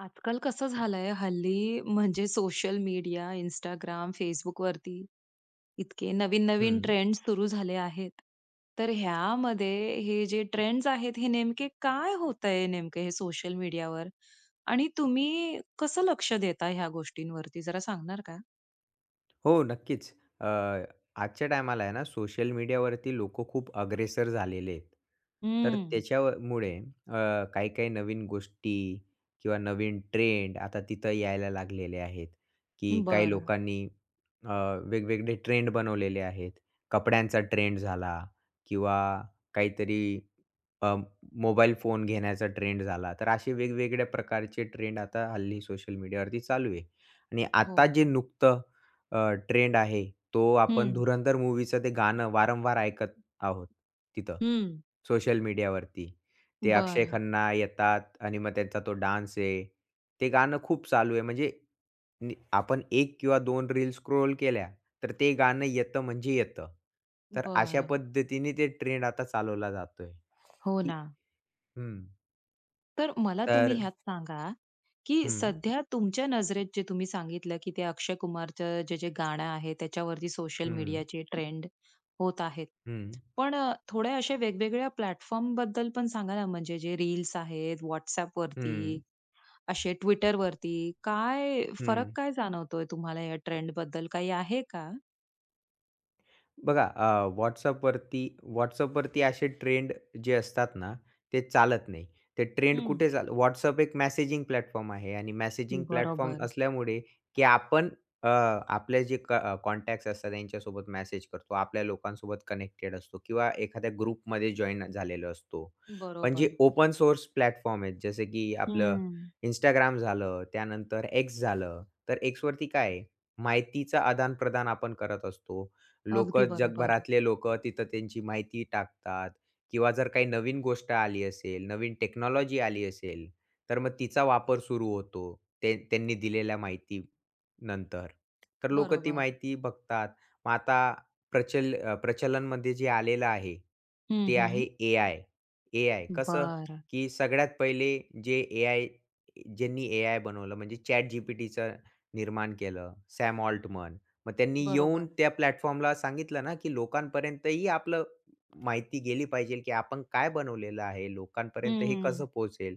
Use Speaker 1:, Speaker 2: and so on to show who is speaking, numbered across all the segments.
Speaker 1: आजकाल कसं झालं आहे, हल्ली म्हणजे सोशल मीडिया, Instagram, Facebook वरती इतके नवीन-नवीन
Speaker 2: हं.
Speaker 1: ट्रेंड्स सुरू झाले आहेत. तर ह्यामध्ये हे जे ट्रेंड्स आहेत, हे नेमकं काय होत आहे, हे नेमके हे सोशल मीडियावर? आणि तुम्ही कसं लक्ष देता ह्या गोष्टींवरती, जरा सांगणार का?
Speaker 2: हो, नक्कीच. अ, आजच्या टायमाला आहे ना, सोशल मीडियावरती लोकं खूप अग्रेसर झालेले आहेत. तर
Speaker 1: हं.
Speaker 2: त्याच्याव मुळे अ, काही-काही नवीन गोष्टी किंवा नवीन ट्रेंड आता तिथं यायला लागलेले आहेत. की काही
Speaker 1: बरं.
Speaker 2: लोकांनी अ, वेगवेगळे ट्रेंड बनवलेले आहेत. कपड्यांचा ट्रेंड झाला किंवा काहीतरी अ, मोबाईल फोन घेण्याचा ट्रेंड झाला, तर असे वेगवेगळ्या प्रकारचे ट्रेंड आता हल्ली सोशल मीडियावरती चालू आहे आणि आता जे
Speaker 1: हो.
Speaker 2: नुकतं अ, ट्रेंड आहे, तो आपण
Speaker 1: हं.
Speaker 2: धुरंधर मूव्हीचं ते गाणं वारंवार ऐकत आहोत तिथं
Speaker 1: हं.
Speaker 2: सोशल मीडियावरती. ते अक्षय
Speaker 1: बरं.
Speaker 2: खन्ना येतात आणि मग त्यांचा तो डान्स आहे, ते गाणं खूप चालू आहे, म्हणजे नि आपण एक किंवा दोन रिल स्क्रोल केल्या, तर ते गाणं येतं म्हणजे येतं. तर अशा
Speaker 1: बरं.
Speaker 2: पद्धतीने ते ट्रेंड आता चालवला जातो आहे.
Speaker 1: हो
Speaker 2: की
Speaker 1: ना.
Speaker 2: हं.
Speaker 1: तर मला तुम्ही
Speaker 2: तर
Speaker 1: ह्यात सांगा की
Speaker 2: हं.
Speaker 1: सध्या तुमच्या नजरेत जे तुम्ही सांगितलं, की ते अक्षय कुमारचं जे जे गाणं आहे त्याच्यावरती सोशल
Speaker 2: हं.
Speaker 1: मीडियाचे ट्रेंड होत आहेत.
Speaker 2: हं.
Speaker 1: पण अ, थोडे असे वेगवेगळ्या प्लॅटफॉर्मबद्दल पण सांगा ना, म्हणजे जे रील्स आहेत. WhatsAppवरती,
Speaker 2: हं.
Speaker 1: असे Twitterवरती. काय फरक,
Speaker 2: हं.
Speaker 1: काय जाणवतोय तुम्हाला या ट्रेंडबद्दल? काही आहे का?
Speaker 2: बघा अ, WhatsAppवरती WhatsAppवरती असे ट्रेंड जे असतात ना, ते चालत नाही. ते ट्रेंड
Speaker 1: हं.
Speaker 2: कुठे चाल WhatsApp एक मेसेजिंग प्लॅटफॉर्म आहे आणि मेसेजिंग प्लॅटफॉर्म
Speaker 1: बरोबर.
Speaker 2: असल्यामुळे की आपण अ, आपले जे अ, क कॉन्टॅक्ट्स असतात त्यांच्यासोबत मेसेज करतो. आपल्या लोकांसोबत कनेक्टेड असतो किंवा एखाद्या ग्रुपमध्ये जॉइन झालेलो असतो. पण जे
Speaker 1: बरोबर.
Speaker 2: ओपन सोर्स प्लॅटफॉर्म आहेत, जसं की आपलं
Speaker 1: हं.
Speaker 2: Instagram झालं, त्यानंतर X झालं. तर X वरती काय आहे? माहितीचं आदानप्रदान आपण करत असतो.
Speaker 1: अगदी
Speaker 2: लोकं,
Speaker 1: बरोबर.
Speaker 2: जगभरातले लोकं तिथं त्यांची माहिती टाकतात किंवा जर काही नवीन गोष्ट आली असेल, नवीन टेक्नॉलॉजी आली असेल, तर मग तिचा वापर सुरू होतो, ते त्यांनी दिलेल्या माहितीनंतर. तर लोकं ती
Speaker 1: बरोबर.
Speaker 2: माहिती बघतात. मग आता प्रचल अ, प्रचलनमध्ये जे आलेलं आहे
Speaker 1: हं,
Speaker 2: ते आहे
Speaker 1: हं.
Speaker 2: ए-आय. ए-आय कसं
Speaker 1: बरं.
Speaker 2: की सगळ्यात पहिले जे ए-आय, ज्यांनी ए-आय बनवलं, म्हणजे ChatGPTच निर्माण केलं, Sam Altman. मग त्यांनी येऊन
Speaker 1: बरोबर.
Speaker 2: त्या प्लॅटफॉर्मला सांगितलं ना की "लोकांपर्यंतही आपली माहिती गेली पाहिजे, की आपण काय बनवलेलं आहे? लोकांपर्यंत हे
Speaker 1: हम्म.
Speaker 2: कसं पोहोचेल?"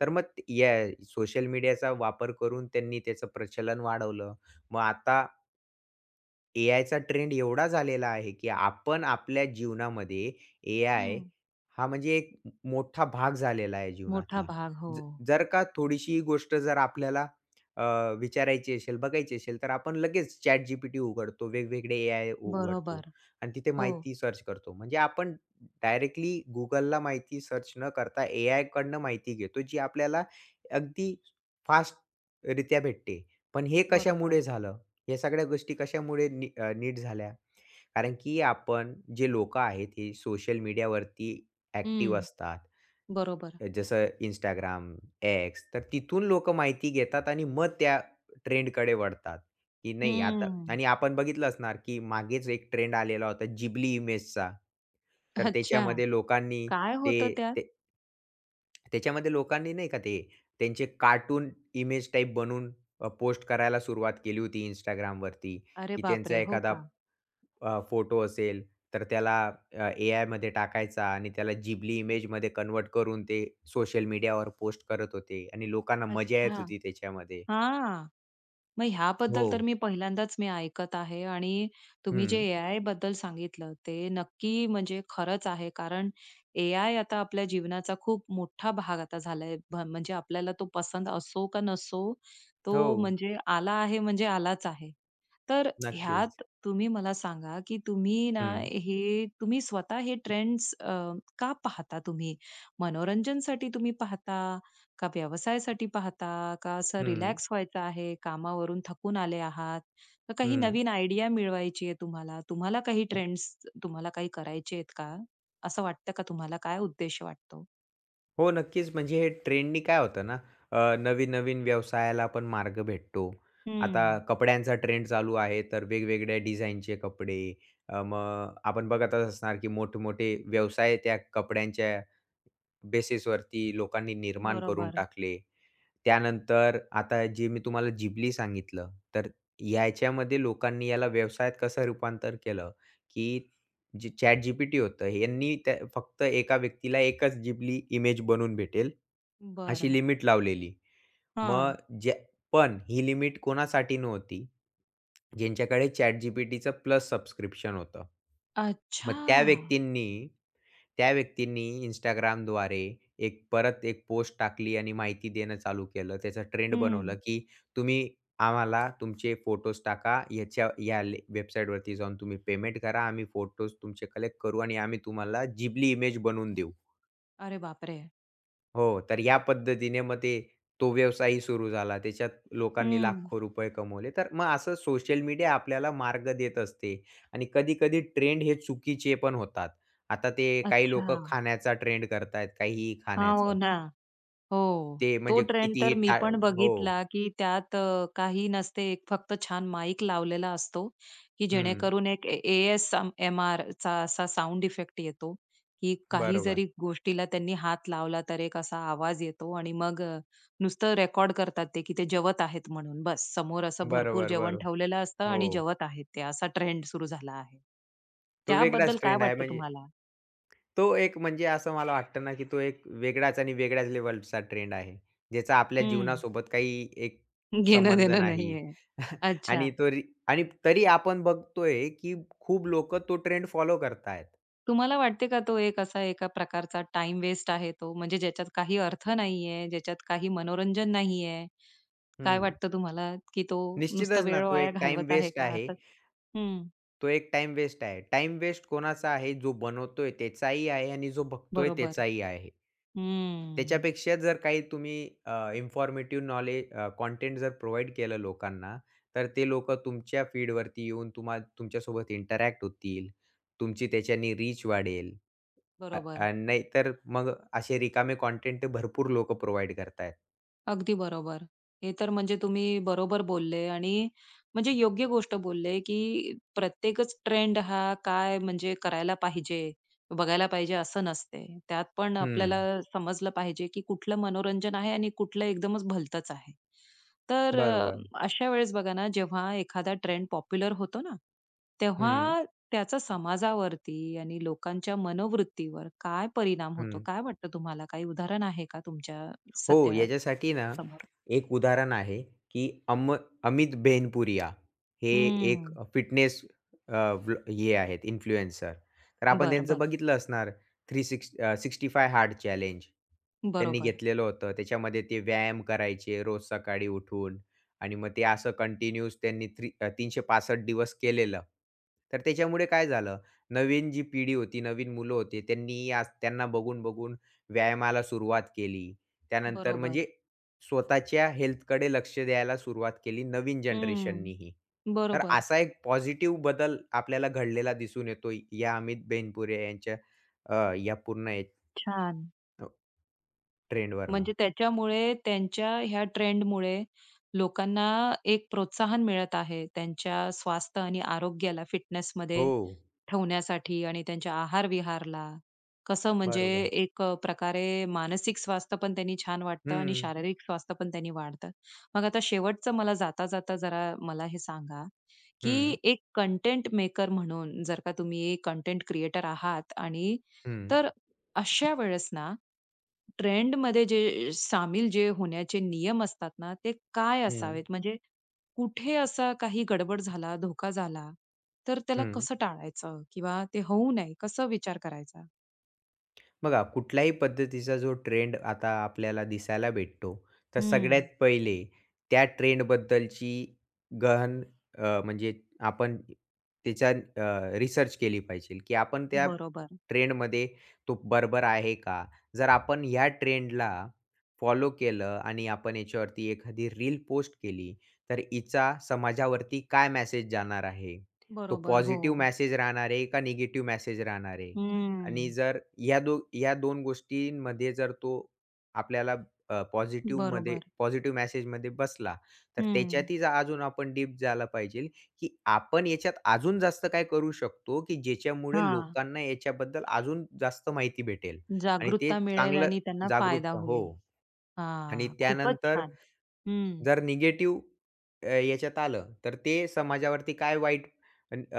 Speaker 2: तर मग याय सोशल मीडियाचा वापर करून त्यांनी त्याचं प्रचलन वाढवलं. मग आता एआयचा ट्रेंड एवढा झालेला आहे, की आपण आपल्या जीवनामध्ये एआय
Speaker 1: हं.
Speaker 2: हा म्हणजे एक मोठा भाग झालेला आहे
Speaker 1: मोठा
Speaker 2: जीवनातला.
Speaker 1: भाग.
Speaker 2: जर
Speaker 1: हो.
Speaker 2: जर का थोडीशी गोष्ट जर आपल्याला, अ, विचारायची असेल, बघायची असेल, तर आपण लगेच ChatGPT उघडतो, वेगवेगळे एआय उ उघडतो,
Speaker 1: बरोबर.
Speaker 2: आणि तिथे
Speaker 1: हो.
Speaker 2: माहिती सर्च करतो. म्हणजे आपण डायरेक्टली Googleला माहिती सर्च न करता, एआयकडनं माहिती घेतो, जी आपल्याला अगदी फास्टरीत्या भेटते. पण हे कशामुळे
Speaker 1: बरोबर.
Speaker 2: झालं? या सगळ्या गोष्टी कशामुळे नी नीट झाल्या? कारण की आपण जे लोकं आहेत, ते सोशल मीडियावरती ॲक्टिव्ह
Speaker 1: हं.
Speaker 2: असतात.
Speaker 1: बरोबर.
Speaker 2: जसं Instagram, X, तर तिथून लोक माहिती घेतात आणि मग त्या ट्रेंडकडे वळतात. की नाही आता
Speaker 1: हंम्म.
Speaker 2: आणि आपण बघितलं असणार की मागेच एक ट्रेंड आलेला होता, जिबली इमेजचा, तर
Speaker 1: अच्छा
Speaker 2: त्याच्यामध्ये लोकांनी
Speaker 1: काय होतं
Speaker 2: ते,
Speaker 1: त्यात?
Speaker 2: ते त्याच्यामध्ये लोकांनी नाही का ते, त्यांचे कार्टून इमेज टाइप बनवून, अ, पोस्ट करायला सुरुवात केली होती Instagramवरती,
Speaker 1: अरे
Speaker 2: की
Speaker 1: बाप
Speaker 2: त्यांचा
Speaker 1: रे! हो
Speaker 2: एखादा,
Speaker 1: का?
Speaker 2: अ, फोटो असेल, तर त्याला, अ, एआयमध्ये टाकायचा आणि त्याला जिबली इमेजमध्ये कन्व्हर्ट करून ते सोशल मीडियावर पोस्ट करत होते, आणि लोकांना मजा येत
Speaker 1: अच्छा.
Speaker 2: होती त्याच्यामध्ये.
Speaker 1: हां. मग ह्याबद्दल तर
Speaker 2: हो.
Speaker 1: मी पहिल्यांदाच मी ऐकत आहे, आणि तुम्ही जे
Speaker 2: हं.
Speaker 1: एआयबद्दल सांगितलं, ते नक्की म्हणजे खरंच आहे, कारण एआय आता आपल्या जीवनाचा खूप मोठा भाग आता झालाय. ब म्हणजे आपल्याला तो पसंद असो का नसो, तो
Speaker 2: हो.
Speaker 1: म्हणजे आला आहे म्हणजे आलाच आहे. तर
Speaker 2: नक्कीच.
Speaker 1: ह्यात तुम्ही मला सांगा, की तुम्ही ना,
Speaker 2: हं.
Speaker 1: हे तुम्ही स्वतः हे ट्रेंड्स, अ, का पाहता तुम्ही? मनोरंजनसाठी तुम्ही पाहता? का व्यवसायासाठी पाहता? का असं
Speaker 2: हं.
Speaker 1: रिलॅक्स व्हायचं आहे, कामावरून थकून आले आहात? का काही
Speaker 2: हं.
Speaker 1: नवीन आयडिया मिळवायची आहे तुम्हाला? तुम्हाला काही ट्रेंड्स तुम्हाला काही करायचे आहेत का? असं वाटतं का तुम्हाला, काय उद्देश वाटतो?
Speaker 2: हो नक्कीच, म्हणजे हे ट्रेंडने काय होतं ना, अ, नवीन-नवीन व्यवसायाला पण मार्ग भेटतो. आता
Speaker 1: हं.
Speaker 2: कपड्यांचा ट्रेंड चालू आहे, तर वेगवेगळ्या डिझाइनचे कपडे अ, मग आपण बघतच असणार की मोठे-मोठे व्यवसाय त्या कपड्यांच्या बेसिसवरती लोकांनी निर्माण करून
Speaker 1: बरोबर.
Speaker 2: टाकले. त्यानंतर आता जे मी तुम्हाला जिबली सांगितलं, तर याच्यामध्ये लोकांनी याला व्यवसायात कसं रूपांतर केलं की जे ChatGPT होतं, यांनी त्या फक्त एका व्यक्तीला एकच जिबली इमेज बनवून भेटेल अशी
Speaker 1: बरं.
Speaker 2: लिमिट लावलेली. मग
Speaker 1: हां.
Speaker 2: ज पण ही लिमिट कोणासाठी नव्हती? ज्यांच्याकडे ChatGPTच प्लस सबस्क्रिप्शन होतं. मग त्या
Speaker 1: अच्छा.
Speaker 2: व्यक्तींनी त्या व्यक्तींनी Instagramद्वारे एक परत एक पोस्ट टाकली आणि माहिती देणं चालू केलं. त्याचा ट्रेंड
Speaker 1: हं.
Speaker 2: बनवलं की तुम्ही आम्हाला तुमचे फोटोज टाका, ह्याच्या या वेबसाईटवरती जाऊन तुम्ही पेमेंट करा, आम्ही फोटोज तुमचे कलेक्ट करू आणि आम्ही तुम्हाला जिबली इमेज बनवून देऊ.
Speaker 1: अरे बापरे!
Speaker 2: हो, तर या पद्धतीने मग ते तो व्यवसायही सुरू झाला. त्याच्यात लोकांनी
Speaker 1: हं.
Speaker 2: लाखो रुपये कमवले. तर मग असं सोशल मीडिया आपल्याला मार्ग देत असते आणि कधी-कधी ट्रेंड हे चुकीचे पण होतात. आता ते काही लोकं
Speaker 1: अच्छा.
Speaker 2: खाण्याचा ट्रेंड करतायेत, काहीही
Speaker 1: हां. हो
Speaker 2: खाण्याचं.
Speaker 1: ना, हो,
Speaker 2: ते
Speaker 1: तो
Speaker 2: म्हणजे
Speaker 1: ट्रेंड तर
Speaker 2: कितीही
Speaker 1: मी
Speaker 2: टा
Speaker 1: पण
Speaker 2: हो.
Speaker 1: बघितला, की त्यात अ, काही नसते. 1 फक्त छान माईक लावलेला असतो, की
Speaker 2: हं.
Speaker 1: जेणेकरून एक ए ए-एस-एम-आरचा असा साउंड इफेक्ट येतो की काही
Speaker 2: बरोबर.
Speaker 1: जरी गोष्टीला त्यांनी हात लावला तर एक असा आवाज येतो आणि मग अ, नुसतं रेकॉर्ड करतात ते, की ते जेवत आहेत म्हणून बस. समोर असं
Speaker 2: बरं,
Speaker 1: भरपूर
Speaker 2: बरं,
Speaker 1: जेवण
Speaker 2: बरं.
Speaker 1: ठेवलेलं असतं आणि
Speaker 2: हो.
Speaker 1: जेवत आहेत ते असा ट्रेंड सुरू झाला आहे.
Speaker 2: तो
Speaker 1: त्याबद्दल
Speaker 2: वेगळाच
Speaker 1: काय
Speaker 2: ट्रेंड आहे
Speaker 1: वाटतं
Speaker 2: म्हणजे.
Speaker 1: तुम्हाला?
Speaker 2: तो एक म्हणजे असं मला वाटतं ना, की तो एक वेगळाच आणि वेगळ्याच लेव्हलचा ट्रेंड आहे. ज्याचा आपल्या
Speaker 1: हं.
Speaker 2: जीवनासोबत काही एक संबंध
Speaker 1: घेणं-देणं
Speaker 2: नाही.
Speaker 1: नाही आहे.
Speaker 2: आणि
Speaker 1: अच्छा.
Speaker 2: तोरी तरी आपण बघतो, की खूप लोक तो ट्रेंड फॉलो करत आहेत.
Speaker 1: तुम्हाला वाटते का, तो एक असा एका प्रकारचा टाईम वेस्ट आहे तो. म्हणजे ज्याच्यात काही अर्थ नाही आहे. ज्याच्यात काही मनोरंजन नाही आहे. काय
Speaker 2: हं.
Speaker 1: वाटतं तुम्हाला, की तो नुसता
Speaker 2: निश्चितच ना,
Speaker 1: वेळ
Speaker 2: तो
Speaker 1: वाया
Speaker 2: एक टाईम
Speaker 1: घालवत आहे
Speaker 2: वेस्ट
Speaker 1: का
Speaker 2: आहे
Speaker 1: असं? हं.
Speaker 2: तो एक टाईम वेस्ट आहे. टाईम वेस्ट कोणाचा आहे? जो बनवतोय त्याचाही आहे आणि जो बघतोय
Speaker 1: बरोबर.
Speaker 2: त्याचाही आहे.
Speaker 1: हंम्म.
Speaker 2: त्याच्यापेक्षा जर काही तुम्ही अ, इन्फॉर्मेटिव्ह नॉलेज अ, कंटेंट जर प्रोव्हाईड केलं लोकांना, तर ते लोकं तुमच्या फीडवरती येऊन, तुम्हा तुमच्यासोबत इंटरॅक्ट होतील. तुमची त्याच्याने रीच वाढेल, आ
Speaker 1: बरोबर.
Speaker 2: आणि नाहीतर मग असे रिकामे कंटेंट भरपूर लोकं प्रोव्हाईड करत आहेत.
Speaker 1: अगदी बरोबर. हे तर म्हणजे तुम्ही बरोबर बोलले आणि म्हणजे योग्य गोष्ट बोलले, की प्रत्येकच ट्रेंड हा काय म्हणजे करायला पाहिजे. बघायला पाहिजे असं नसते. त्यात पण आपल्याला
Speaker 2: हं.
Speaker 1: समजलं पाहिजे, की कुठलं मनोरंजन आहे? आणि कुठलं एकदमचं भलतचं आहे. तर अ,
Speaker 2: बरोबर.
Speaker 1: अशा वेळेस बघा ना, जेव्हा एखादा ट्रेंड पॉप्युलर होतो ना.
Speaker 2: हं.
Speaker 1: तेव्हा त्याचा समाजावरती आणि लोकांच्या मनोवृत्तीवर काय परिणाम होतो?
Speaker 2: हं.
Speaker 1: काय वाटतं तुम्हाला काही उदाहरण आहे का तुमच्या
Speaker 2: हो,
Speaker 1: सध्या
Speaker 2: याच्यासाठी ना,
Speaker 1: समोर?
Speaker 2: एक उदाहरण आहे, की अम अमित बेनपुरिया. हे एक
Speaker 1: हं.
Speaker 2: फिटनेस अ, वलॉ हे आहेत इन्फ्लुएन्सर तर आपण
Speaker 1: बरं,
Speaker 2: त्यांचं
Speaker 1: बरं.
Speaker 2: बघितलं असणार थ्री सिक्स अ, 65 हार्ड चॅलेंज. त्यांनी
Speaker 1: बरोबर.
Speaker 2: घेतलेलं होतं. त्याच्यामध्ये ते व्यायाम करायचे रोज सकाळी उठून आणि मग ते असं कंटिन्यूस त्यांनी थ्री 365 दिवस केलेलं. तर त्याच्यामुळे काय झालं? नवीन जी पिढी होती. नवीन मुलं होती त्यांनी आज त्यांना बघून-बघून व्यायामाला सुरुवात केली. त्यानंतर
Speaker 1: बरोबर.
Speaker 2: म्हणजे स्वतःच्या हेल्थकडे लक्ष द्यायला सुरुवात केली नवीन
Speaker 1: हं,
Speaker 2: जनरेशननीही. तर
Speaker 1: बरोबर.
Speaker 2: असा एक पॉझिटिव्ह बदल आपल्याला घडलेला दिसून येतो या अमित बेनपुरिया यांच्या अ, या पूर्ण या
Speaker 1: छान!
Speaker 2: हो, ट्रेंडवरून.
Speaker 1: म्हणजे त्याच्यामुळे त्यांच्या ह्या ट्रेंडमुळे लोकांना एक प्रोत्साहन मिळत आहे त्यांच्या स्वास्थ्य आणि आरोग्याला फिटनेसमध्ये
Speaker 2: हो.
Speaker 1: ठेवण्यासाठी आणि त्यांच्या आहार-विहारला कसं म्हणजे
Speaker 2: बरोबर.
Speaker 1: एक अ, प्रकारे मानसिक स्वास्थ्य पण त्यांनी छान वाटतं आणि
Speaker 2: हं.
Speaker 1: शारीरिक स्वास्थ्य पण त्यांनी वाढतं. मग आता शेवटचं मला जाता-जाता जरा मला हे सांगा? की
Speaker 2: हं.
Speaker 1: एक कंटेंट मेकर म्हणून जर का तुम्ही एक कंटेंट क्रिएटर आहात आणि
Speaker 2: हं.
Speaker 1: तर अशा वेळेस ना ट्रेंडमध्ये जे सामील जे होण्याचे नियम असतात ना, ते काय
Speaker 2: हं.
Speaker 1: असावेत? म्हणजे कुठे असा काही गडबड झाला, धोका झाला तर त्याला
Speaker 2: हं.
Speaker 1: कसं टाळायचं? किंवा ते होऊ नये, कसं विचार करायचा?
Speaker 2: बघा, कुठल्याही पद्धतीचा जो ट्रेंड आता आपल्याला दिसायला भेटतो. तर सगळ्यात
Speaker 1: हम्म.
Speaker 2: पहिले त्या ट्रेंडबद्दलची गहन अ, म्हणजे आपण तिच्या अ, रिसर्च केली पाहिजे की आपण त्या
Speaker 1: बरोबर.
Speaker 2: ट्रेंडमध्ये तो बरोबर आहे का? जर आपण ह्या ट्रेंडला फॉलो केलं आणि आपण याच्यावरती एखादी रील पोस्ट केली. तर हिचा समाजावरती काय मेसेज जाणार आहे? तो
Speaker 1: बरोबर,
Speaker 2: पॉझिटिव्ह
Speaker 1: हो.
Speaker 2: मेसेज राहणार आहे, का निगेटिव्ह मेसेज राहणार आहे? आणि
Speaker 1: हम्म.
Speaker 2: जर या दो या 2 गोष्टींमध्ये जर तो आपल्याला अ, पॉझिटिव्हमध्ये
Speaker 1: बरोबर.
Speaker 2: पॉझिटिव्ह मॅसेजमध्ये बसला. तर
Speaker 1: हम्म.
Speaker 2: त्याच्यात अजून आपण डीप झालं पाहिजेल, की आपण याच्यात अजून जास्त काय करू शकतो? की ज्याच्यामुळे
Speaker 1: हां.
Speaker 2: लोकांना याच्याबद्दल अजून जास्त माहिती भेटेल आणि ते
Speaker 1: जागरूकता मिळेल
Speaker 2: चांगलं
Speaker 1: आणि त्यांना फायदा
Speaker 2: जागरूक हो.
Speaker 1: होईल.
Speaker 2: आणि
Speaker 1: हां. खूपच
Speaker 2: त्यानंतर
Speaker 1: छान. हं.
Speaker 2: जर निगेटिव्ह अ, ह्याच्यात आलं. तर ते समाजावरती काय वाईट अ,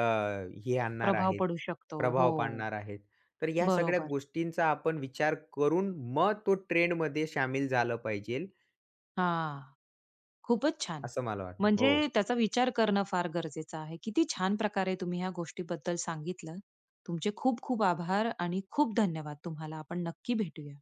Speaker 2: हे आणणार
Speaker 1: प्रभाव
Speaker 2: आहेत
Speaker 1: पडू शकतो. हो.
Speaker 2: प्रभाव पाडणार आहेत. तर ह्या सगळ्या
Speaker 1: बरोबर.
Speaker 2: गोष्टींचा आपण विचार करून मग तो ट्रेंडमध्ये शामिल झालं पाहिजे.
Speaker 1: हां. खूपच छान.
Speaker 2: असं मला वाटतं.
Speaker 1: म्हणजे
Speaker 2: हो.
Speaker 1: त्याचा विचार करणं फार गरजेचं आहे. किती छान प्रकारे तुम्ही ह्या गोष्टीबद्दल सांगितलं. तुमचे खूप खूप आभार आणि खूप धन्यवाद तुम्हाला. आपण नक्की भेटूया.